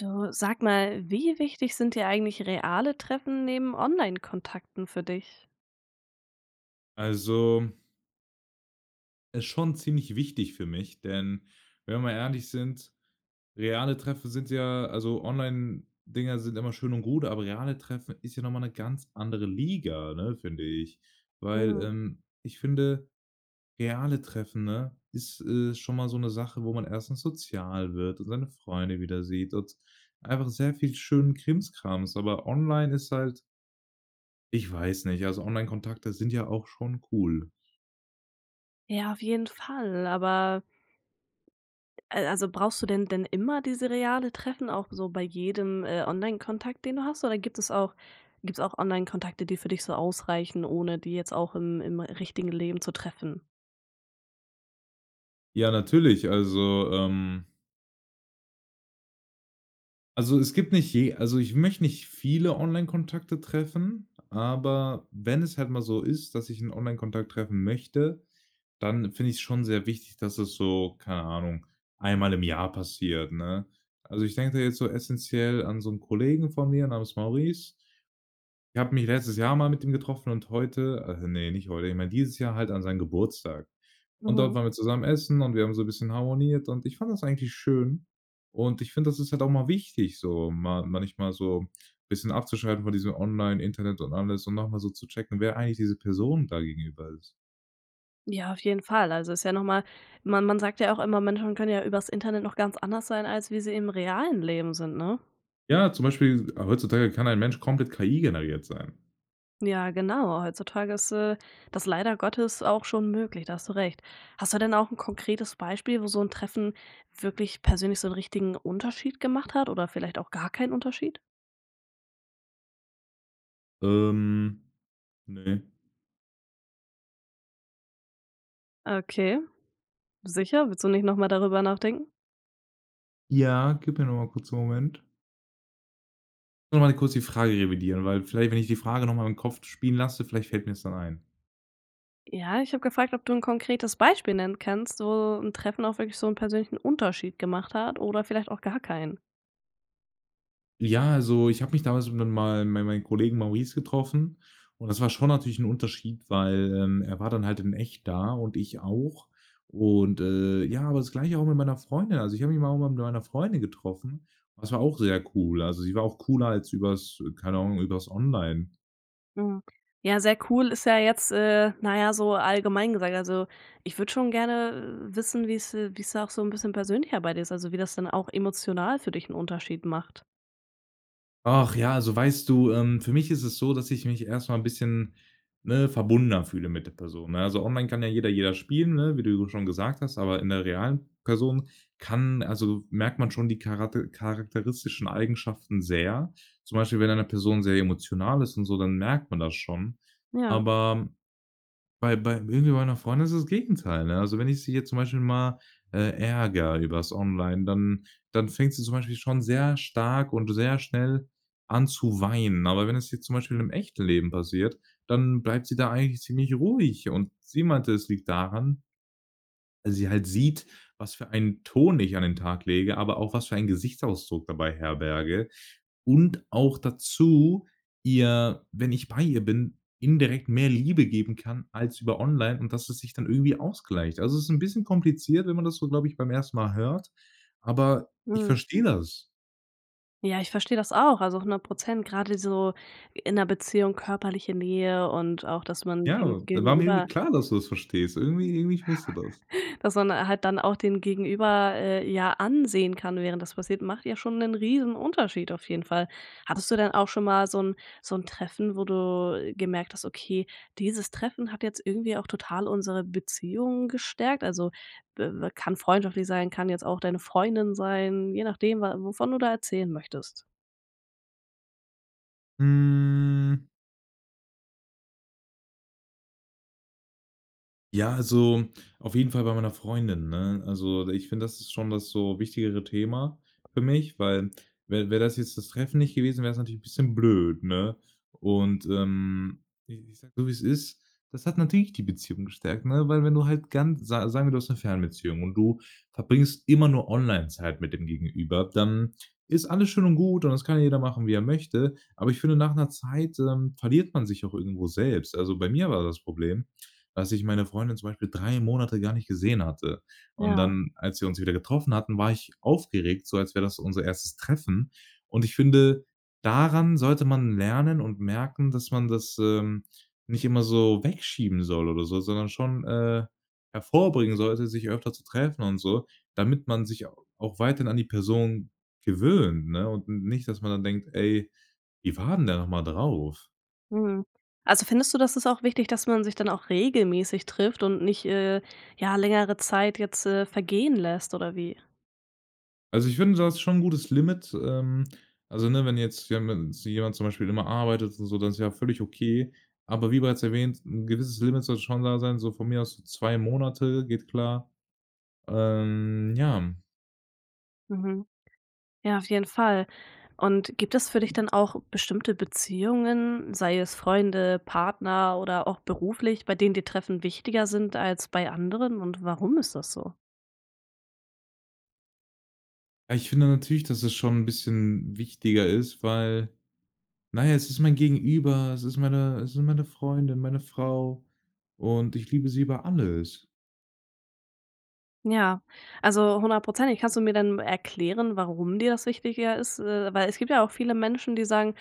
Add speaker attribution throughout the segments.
Speaker 1: Du, sag mal, wie wichtig sind dir eigentlich reale Treffen neben Onlinekontakten für dich?
Speaker 2: Also ist schon ziemlich wichtig für mich, denn wenn wir mal ehrlich sind, reale Treffen sind ja also Onlinedinger sind immer schön und gut, aber reale Treffen ist ja noch mal 'ne ganz andere Liga, ne, finde ich. Weil,
Speaker 1: Mhm.
Speaker 2: ähm, ich finde, reale Treffen, ne, ist, äh, schon mal so 'ne Sache, wo man erstens sozial wird, und seine Freunde wieder sieht und einfach sehr viel schönen Krimskrams, aber online ist halt ich weiß nicht. Also Onlinekontakte sind ja auch schon cool.
Speaker 1: Ja auf jeden Fall, aber Äh, also brauchst du denn denn immer diese reale Treffen auch so bei jedem, äh, Onlinekontakt den du hast oder gibt es auch gibt's auch Onlinekontakte, die für dich so ausreichen ohne die jetzt auch im im richtigen Leben zu treffen?
Speaker 2: Ja natürlich, also, ähm Also es gibt nicht je also ich möchte nicht viele Onlinekontakte treffen, aber wenn es halt mal so ist, dass ich 'n Onlinekontakt treffen möchte, dann finde ich's schon sehr wichtig, dass das so, keine Ahnung, einmal im Jahr passiert, ne? Also ich denke da jetzt so essenziell an so 'n Kollegen von mir namens Maurice. Ich habe mich letztes Jahr mal mit ihm getroffen und heute äh, ne, nicht heute. Ich meine dieses Jahr halt an seinen Geburtstag. Und dort
Speaker 1: Mhm.
Speaker 2: waren wir zusammen essen und wir haben so 'n bisschen harmoniert und ich fand das eigentlich schön. Und ich finde, das ist halt auch mal wichtig, so ma manchmal so bisschen abzuschalten von diesem Online Internet und alles und noch mal so zu checken, wer eigentlich diese Person da gegenüber ist.
Speaker 1: Ja, auf jeden Fall, also ist ja noch mal man man sagt ja auch immer Menschen können ja über‘s Internet noch ganz anders sein als wie sie im realen Leben sind, ne?
Speaker 2: Ja, zum Beispiel heutzutage kann ein Mensch komplett KI-generiert sein.
Speaker 1: Ja, genau. Heutzutage ist, äh, das leider Gottes auch schon möglich. Da hast du recht. Hast du denn auch 'n konkretes Beispiel wo so 'n Treffen wirklich persönlich so 'n richtigen Unterschied gemacht hat, oder vielleicht auch gar keinen Unterschied?
Speaker 2: Ähm, ne.
Speaker 1: Okay. Sicher? Willst du nicht noch mal darüber nachdenken?
Speaker 2: Ja, gib mir nur mal kurz 'n Moment. Nur mal kurz die Frage revidieren, weil vielleicht, wenn ich die Frage noch mal im Kopf spielen lasse, vielleicht fällt mir‘s dann ein.
Speaker 1: Ja, ich habe gefragt, ob du 'n konkretes Beispiel nennen kannst wo ‘n Treffen auch wirklich so 'n persönlichen Unterschied gemacht hat oder vielleicht auch gar keinen?
Speaker 2: Ja, also ich habe mich damals dann mal mei meinen Kollegen Maurice getroffen und das war schon natürlich ‘n Unterschied, weil, ähm, er war dann halt in echt da und ich auch. Und, äh, ja, aber das Gleiche auch mit meiner Freundin. Also, ich habe mich mal irgendwann mit meiner Freundin getroffen. Das war auch sehr cool. Also sie war auch cooler als übers, äh, keine Ahnung, über‘s online.
Speaker 1: Mhm. Ja, sehr cool ist ja jetzt, äh, na ja, so allgemein gesagt. Also, ich würde schon gerne wissen wie's, äh, wie's da auch so 'n bisschen persönlicher bei dir ist? Also, wie das dann auch emotional für dich 'n Unterschied macht.
Speaker 2: Ach ja, also, weißt du, ähm, für mich ist es so, dass ich mich erst mal 'n bisschen, ne, verbundener fühle mit der Person, ne? Also, online kann ja jeder jeden spielen, ne, wie du schon gesagt hast, aber in der realen Person, kann also, merkt man schon die chara charakteristischen Eigenschaften sehr. Zum Beispiel, wenn eine Person sehr emotional ist und so, dann merkt man das schon.
Speaker 1: Ja.
Speaker 2: Aber bei bei irgendwie meiner Freundin ist es das Gegenteil, ne, also, wenn ich sie jetzt zum Beispiel mal, äh, ärgere übers online, dann dann fängt sie zum Beispiel schon sehr stark und sehr schnell an zu weinen. Aber wenn es jetzt zum Beispiel im echten Leben passiert, dann bleibt sie da eigentlich ziemlich ruhig. Und sie meinte, es liegt daran weil sie halt sieht, was für einen Ton ich an den Tag lege, aber auch was für einen Gesichtsausdruck dabei herberge. Und auch dazu, ihr wenn ich bei ihr bin, indirekt mehr Liebe geben kann als über online und dass es sich dann irgendwie ausgleicht. Also, es ist 'n bisschen kompliziert, wenn man das so, glaube ich, beim 1. Mal hört, aber ich
Speaker 1: Mhm.
Speaker 2: verstehe das.
Speaker 1: Ja, ich verstehe das auch, also 100% gerade so, in 'ner Beziehung körperliche Nähe und auch dass man
Speaker 2: Ja,
Speaker 1: dem
Speaker 2: das war mir irgendwie
Speaker 1: Gegenüber
Speaker 2: klar, dass du das verstehst. Irgendwie irgendwie, ich wusste das.
Speaker 1: dass man halt dann auch den Gegenüber, äh, ja ansehen kann während das passiert, macht ja schon 'nen Riesenunterschied, auf jeden Fall. Hattest du dann auch schon mal so 'n so 'n Treffen, wo du gemerkt hast: „Okay dieses Treffen hat jetzt irgendwie auch total unsere Beziehung gestärkt“, also, b kann freundschaftlich sein, kann jetzt auch deine Freundin sein, je nachdem wa wovon du da erzählen möchtest.
Speaker 2: Hm. Ja, also, auf jeden Fall bei meiner Freundin, ne? Also, ich finde, das ist schon das so wichtigere Thema für mich, weil wäre wäre das jetzt das Treffen nicht gewesen, wäre es natürlich 'n bisschen blöd, ne? Und, ähm, ich sage es so wie es ist. Das hat natürlich die Beziehung gestärkt, ne? Weil wenn du halt ganz sa sagen wir, du hast 'ne Fernbeziehung und du verbringst immer nur online Zeit mit dem Gegenüber, dann ist alles schön und gut und das kann jeder machen wie er möchte. Aber ich finde, nach 'ner Zeit, ähm, verliert man sich auch irgendwo selbst. Also, bei mir war das Problem, dass ich meine Freundin zum Beispiel 3 Monate gar nicht gesehen hatte. Und
Speaker 1: Ja.
Speaker 2: dann, als wir uns wieder getroffen hatten, war ich aufgeregt, so als wäre das unser 1. Treffen. Und ich finde, daran sollte man lernen und merken, dass man das, ähm, nicht immer so wegschieben soll oder so, sondern schon, äh, hervorbringen sollte, sich öfter zu treffen und so, damit man sich au auch weiterhin an die Person gewöhnt, ne? U und nicht, dass man dann denkt: „Ey, wie war denn der nochmal drauf?"
Speaker 1: Mhm. Also findest du das ist auch wichtig, dass man sich dann auch regelmäßig trifft und nicht, äh, ja, längere Zeit jetzt, äh, vergehen lässt, oder wie?
Speaker 2: Also, ich finde das ist schon 'n gutes Limit, ähm, also, ne, wenn jetzt ja ma sich jemand zum Beispiel immer arbeitet und so, das ist ja völlig okay. Aber wie bereits erwähnt, 'n gewisses Limit sollte schon da sein, so von mir aus so 2 Monate, geht klar. Ähm, ja.
Speaker 1: Mhm. Ja, auf jeden Fall. Und gibt es für dich dann auch bestimmte Beziehungen, sei es Freunde, Partner oder auch beruflich, bei denen dir Treffen wichtiger sind als bei anderen, und warum ist das so?
Speaker 2: Ah, ich finde ja natürlich dass es schon ein bisschen wichtiger ist, weil Naja, es ist mein Gegenüber, es ist meine es sind meine Freundin, meine Frau. Und ich liebe sie über alles.
Speaker 1: Ja, also hundertprozentig. Kannst du mir, äh, dann erklären, warum dir das wichtiger ist? Äh, weil es gibt ja auch viele Menschen, die sagen,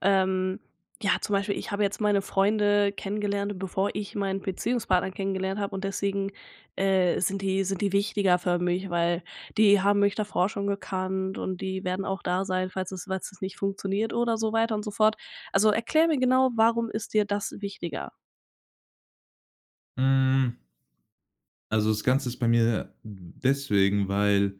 Speaker 1: ähm, ja, zum Beispiel: „Ich habe jetzt meine Freunde kennengelernt, bevor ich meinen Beziehungspartner kennengelernt habe und deswegen, äh, sind die sind die wichtiger für mich, weil die haben mich davor schon gekannt ,und die werden auch da sein, falls es falls es nicht funktioniert." Oder so weiter und so fort. Also erkläre mir genau, warum ist dir das wichtiger?
Speaker 2: Hm. Also das Ganze ist bei mir, mm, deswegen weil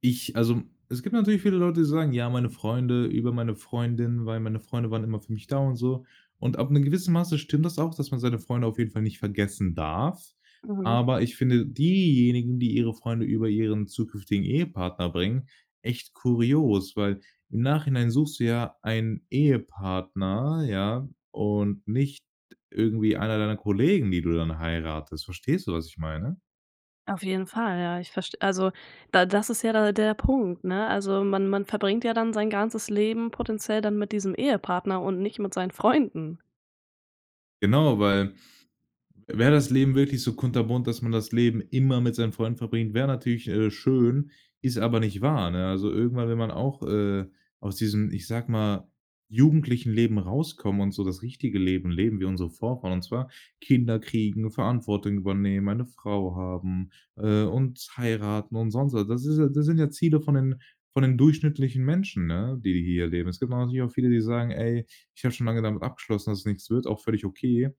Speaker 2: ich Also, es gibt natürlich viele Leute, die sagen:„Ja, meine Freunde über meine Freundin, weil meine Freunde waren immer für mich da!" Und so. Und ab 'nem gewissen Maße stimmt das auch, dass man seine Freunde auf jeden Fall nicht vergessen darf,
Speaker 1: Mhm.
Speaker 2: aber ich finde diejenigen, die ihre Freunde über ihren zukünftigen Ehepartner bringen, echt kurios, weil im Nachhinein suchst du ja einen Ehepartner, ja? Und nicht irgendwie einer deiner Kollegen die du dann heiratest. Verstehst du, was ich meine?
Speaker 1: Auf jeden Fall, ja, ich verst also da das ist ja da der Punkt, ne? Also, man man verbringt ja dann sein ganzes Leben potenziell dann mit diesem Ehepartner und nicht mit seinen Freunden.
Speaker 2: Genau, weil, wäre das Leben wirklich so kunterbunt, dass man das Leben immer mit seinen Freunden verbringt, wäre natürlich, äh, schön. Ist aber nicht wahr, ne? Also irgendwann will man auch, äh, aus diesem, ich sage mal, jugendlichem Leben rauskommen, und so das richtige Leben leben, wie unsere Vorfahren und zwar, Kinder kriegen, Verantwortung übernehmen, eine Frau haben, äh, und heiraten und sonst so. Das ist ja das sind ja Ziele von den von den durchschnittlichen Menschen, ne? Die, die hier leben. Es gibt aber natürlich auch viele, die sagen: „Ey, ich habe schon lange damit abgeschlossen, dass es nix wird.", auch völlig okay,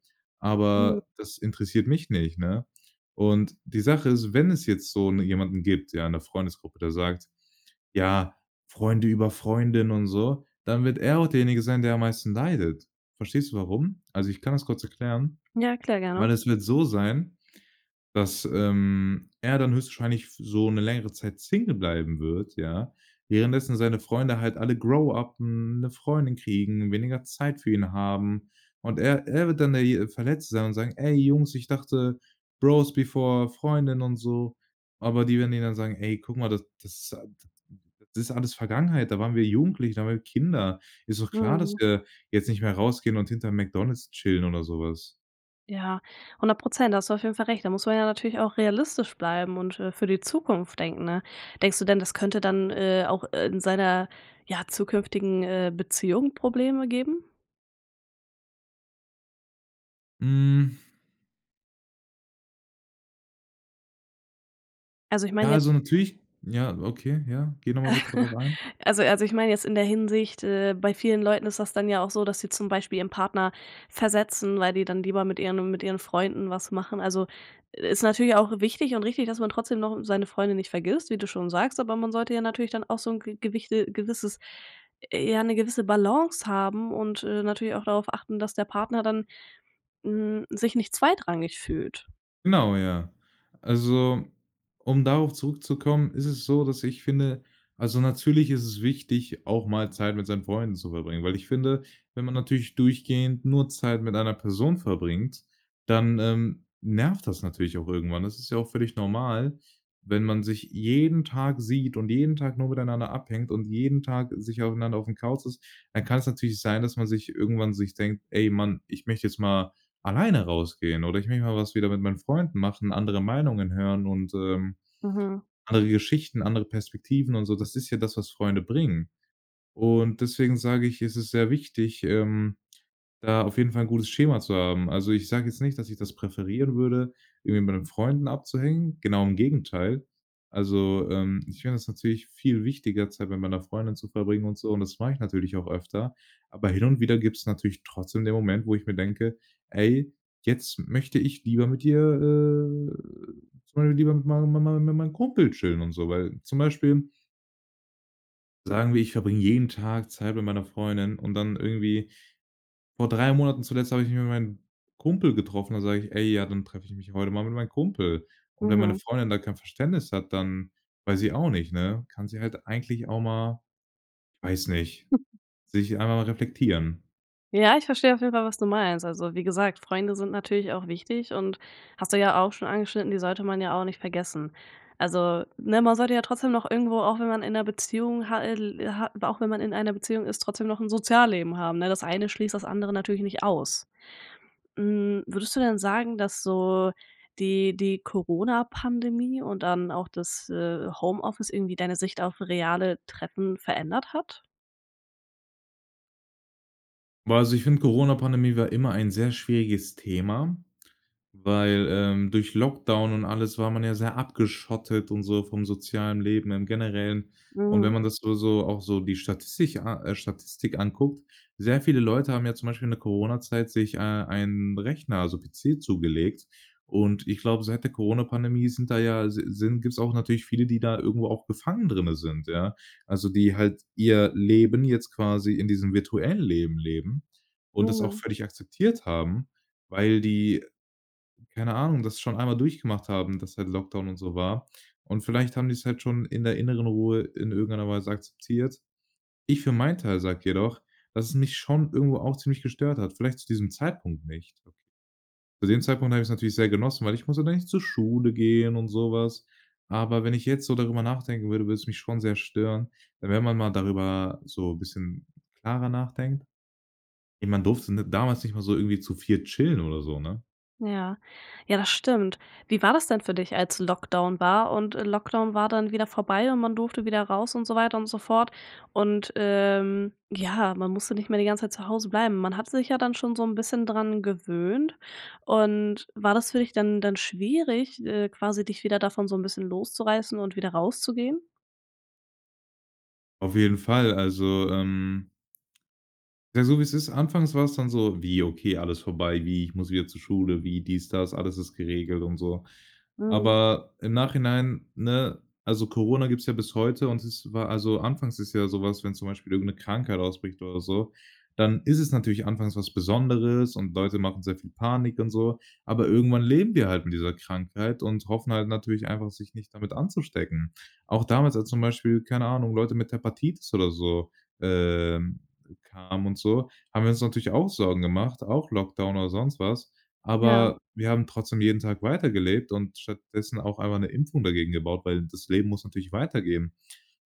Speaker 1: Mhm.
Speaker 2: aber das interessiert mich nicht, ne? Und, die Sache ist, wenn es jetzt so jetzt 'ne jemanden gibt, ja, in der Freundesgruppe, der sagt: „Ja, Freunde über Freundin." und so, dann wird er auch derjenige sein, der am meisten leidet. Verstehst du warum? Also ich kann das kurz erklären.
Speaker 1: Ja, erklär gerne.
Speaker 2: Weil es wird so sein, dass, ähm, er dann höchstwahrscheinlich f so 'ne längere Zeit Single bleiben wird, ja? Währenddessen seine Freunde halt alle grow-uppen, 'ne Freundin kriegen, weniger Zeit für ihn haben. Und er er wird dann derje Verletzte sein, und sagen: „Ey Jungs, ich dachte, Bros-before-Freundin." und so. Aber die werden ihn dann sagen: „Ey, guck mal, das a d das ist alles Vergangenheit. Da waren wir Jugendliche, da waren wir Kinder. Ist doch klar, dass
Speaker 1: Mhm.
Speaker 2: wir jetzt nicht mehr rausgehen und hinterm McDonald's chillen oder so was."
Speaker 1: Ja, 100 % da hast du auf jeden Fall recht, da muss man ja natürlich auch realistisch bleiben und, äh, für die Zukunft denken ne? Denkst du denn, das könnte dann, äh, auch, äh, in seiner ja zukünftigen, äh, Beziehung Probleme geben?
Speaker 2: Hm.
Speaker 1: Also ich mein
Speaker 2: Ja,
Speaker 1: jetzt
Speaker 2: also natürlich ja, okay, ja. Geh noch mal bitte darauf ein.
Speaker 1: Also also ich meine jetzt in der Hinsicht, äh, bei vielen Leuten ist das dann ja auch so, dass sie zum Beispiel ihren Partner versetzen, weil die dann lieber mit ihren mit ihren Freunden was machen. Also, i ist natürlich auch wichtig und richtig, dass man trotzdem noch seine Freunde nicht vergisst, wie du schon sagst, aber man sollte ja natürlich dann auch so 'n ge gewichte gewisses ja, 'ne gewisse Balance haben und, äh, natürlich auch darauf achten, dass der Partner dann, hm, sich nicht zweitrangig fühlt.
Speaker 2: Genau, ja. Also, um darauf zurückzukommen, ist es so, dass ich finde, also natürlich ist es wichtig, auch mal Zeit mit seinen Freunden zu verbringen, weil ich finde, wenn man natürlich durchgehend nur Zeit mit einer Person verbringt, dann, ähm, nervt das natürlich auch irgendwann. Das ist ja auch völlig normal, wenn man sich jeden Tag sieht und jeden Tag nur miteinander abhängt und jeden Tag sich aufeinander aufm Couch ist, dann kann's natürlich sein, dass man sich irgendwann sich denkt: „Ey, Mann, ich möchte jetzt mal alleine rausgehen oder ich möchte mal was wieder mit meinen Freunden machen, andere Meinungen hören und, ähm,
Speaker 1: Mhm.
Speaker 2: andere Geschichten, andere Perspektiven und so“. Das ist ja das, was Freunde bringen. Und deswegen sage ich: „Es ist sehr wichtig, ähm, da auf jeden Fall 'n gutes Schema zu haben“. Also ich sag jetzt nicht, dass ich das präferieren würde, irgendwie mit meinen Freunden abzuhängen. Genau, im Gegenteil. Also, ähm, ich finde das natürlich viel wichtiger Zeit mit meiner Freundin zu verbringen und so und das mach ich natürlich auch öfter. Aber hin und wieder gibt's natürlich trotzdem den Moment, wo ich mir denke: „Ey, jetzt möchte ich lieber mit dir, äh, zum Beispiel lieber mit mein mein mein mein meinem Kumpel chillen und so“, weil zum Beispiel sagen wir, ich verbringe jeden Tag Zeit mit meiner Freundin und dann irgendwie vor 3 Monaten zuletzt habe ich mich mit meinem Kumpel getroffen. Dann sag ich: „Ey, ja, dann treffe ich mich heute mal mit meinem Kumpel“. Und wenn meine
Speaker 1: Mhm.
Speaker 2: Freundin da kein Verständnis hat, dann weiß ich auch nicht, ne, kann sie halt eigentlich auch mal, weiß nicht, sich einfach mal reflektieren.
Speaker 1: Ja ich verstehe auf jeden Fall was du meinst. Also wie gesagt: „Freunde sind natürlich auch wichtig und hast du ja auch schon angeschnitten, die sollte man ja auch nicht vergessen“. Also, ne, man sollte ja trotzdem noch irgendwo, auch wenn man in 'ner Beziehung hat el hat aber auch wenn man in einer Beziehung ist, trotzdem noch 'n Sozialleben haben, ne? Das eine schließt das andere natürlich nicht aus. Hm, würdest du denn sagen, dass so die die Corona-Pandemie und dann auch das, äh, Homeoffice irgendwie deine Sicht auf reale Treffen verändert hat?
Speaker 2: Ja, also ich finde, Coronapandemie war immer ein sehr schwieriges Thema, weil, ähm, durch Lockdown und alles war man ja sehr abgeschottet und so, vom sozialen Leben im Generellen. Und wenn
Speaker 1: Mhm.
Speaker 2: man das nur so auch so die Statistik a äh, Statistik anguckt, sehr viele Leute haben ja zum Beispiel in der Corona-Zeit sich, äh, einen Rechner, also PC zugelegt und ich glaube, seit der Coronapandemie sind da ja si sind gibt's auch natürlich viele, die da irgendwo auch befangen drinnen sind, ja? Also, die halt ihr Leben jetzt quasi in diesem virtuellen Leben leben und das auch
Speaker 1: Mhm.
Speaker 2: völlig akzeptiert haben, weil die- keine Ahnung- das schon einmal durchgemacht haben, dass halt Lockdown und so war. Und vielleicht haben die's halt schon in der inneren Ruhe in irgendeiner Weise akzeptiert. Ich für meinen Teil sage jedoch, dass es mich schon irgendwo auch ziemlich gestört hat, vielleicht zu diesem Zeitpunkt nicht Okay. Zu dem Zeitpunkt habe ich es natürlich sehr genossen, weil ich musste dann nicht zur Schule gehen, und so was. Aber wenn ich jetzt so darüber nachdenken würde, würde es mich schon sehr stören. We wenn man mal darüber so bisschen klarer nachdenkt Ey, man durfte n damals nicht mal so irgendwie zu 4 chillen oder so, ne?
Speaker 1: Ja, ja das stimmt. Wie war das denn für dich als Lockdown war? Und Lockdown war dann wieder vorbei und man durfte wieder raus und so weiter und so fort? Und, ähm, ja, man musste nicht mehr die ganze Zeit zu Hause bleiben. Man hat sich ja dann schon so ein bisschen dran gewöhnt, und war das für dich dann dann schwierig, äh, quasi dich wieder davon so 'n bisschen loszureißen und wieder rauszugehen?
Speaker 2: Auf jeden Fall. Also, ähm ja, so wie's ist. Anfangs war's dann so: „Wie, okay, alles vorbei? Wie, ich muss wieder zur Schule? Wie dies, das, alles ist geregelt und so?“
Speaker 1: Mhm.
Speaker 2: Aber, im Nachhinein, ne Also, Corona gibt's ja bis heute und es wa also, anfangs ist ja so was, wenn zum Beispiel irgend 'ne Krankheit ausbricht oder so, dann ist es natürlich anfangs was Besonderes und Leute machen sehr viel Panik und so. Aber irgendwann leben wir halt mit dieser Krankheit und hoffen halt natürlich einfach sich nicht damit anzustecken. Auch damals, als zum Beispiel, keine Ahnung, Leute mit Hepatitis oder so, ähm, kamen und so, haben wir uns natürlich auch Sorgen gemacht, auch Lockdown oder sonst was.
Speaker 1: Ja.
Speaker 2: Aber, wir haben trotzdem jeden Tag weitergelebt und stattdessen auch einmal 'ne Impfung dagegen gebaut. Weil das Leben muss natürlich weitergehen.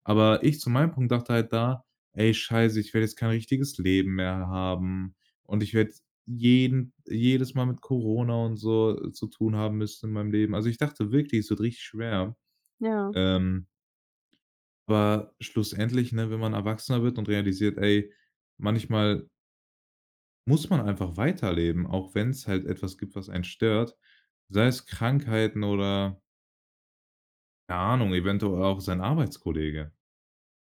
Speaker 2: Aber ich zu meinem Punkt dachte halt da: „Ey scheiße, ich werde jetzt kein richtiges Leben mehr haben, und ich werde jeden jedes Mal mit Corona und so zu tun haben müssen in meinem Leben.“ Also ich dachte wirklich, es wird richtig schwer,
Speaker 1: Ja.
Speaker 2: ähm aber schlussendlich, ne, wenn man erwachsener wird und realisiert: „Ey, manchmal muss man einfach weiterleben, auch wenn's halt etwas gibt, was einen stört.“ Sei es Krankheiten oder keine Ahnung, eventuell auch sein Arbeitskollege.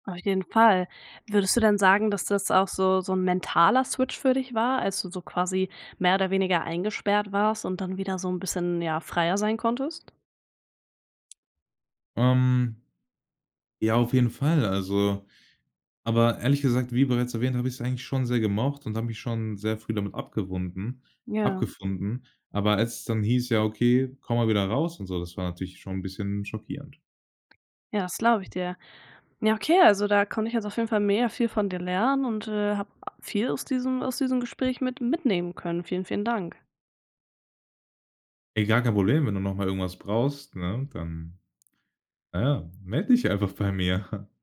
Speaker 1: Auf jeden Fall. Würdest du denn sagen, dass das auch so so 'n mentaler Switch für dich war, als du so quasi mehr oder weniger eingesperrt warst und dann wieder so 'n bisschen, ja, freier sein konntest?
Speaker 2: Ähm ja, auf jeden Fall, also aber ehrlich gesagt, wie bereits erwähnt, habe ich's eigentlich schon sehr gemocht und habe mich schon sehr früh damit abgewunden
Speaker 1: Ja.
Speaker 2: abgefunden. Aber als es dann hieß. „Ja, okay, komm mal wieder raus“ und so, das war natürlich schon 'n bisschen schockierend.
Speaker 1: Ja, das glaube ich dir. Ja, okay, also, da konnte ich also auf jeden Fall mega viel von dir lernen und, äh, hab viel aus diesem aus diesem Gespräch mit mitnehmen können. Vielen, vielen Dank.
Speaker 2: Ey, gar kein Problem, wenn du noch mal irgendwas brauchst, ne? Dann, na ja, meld dich einfach bei mir.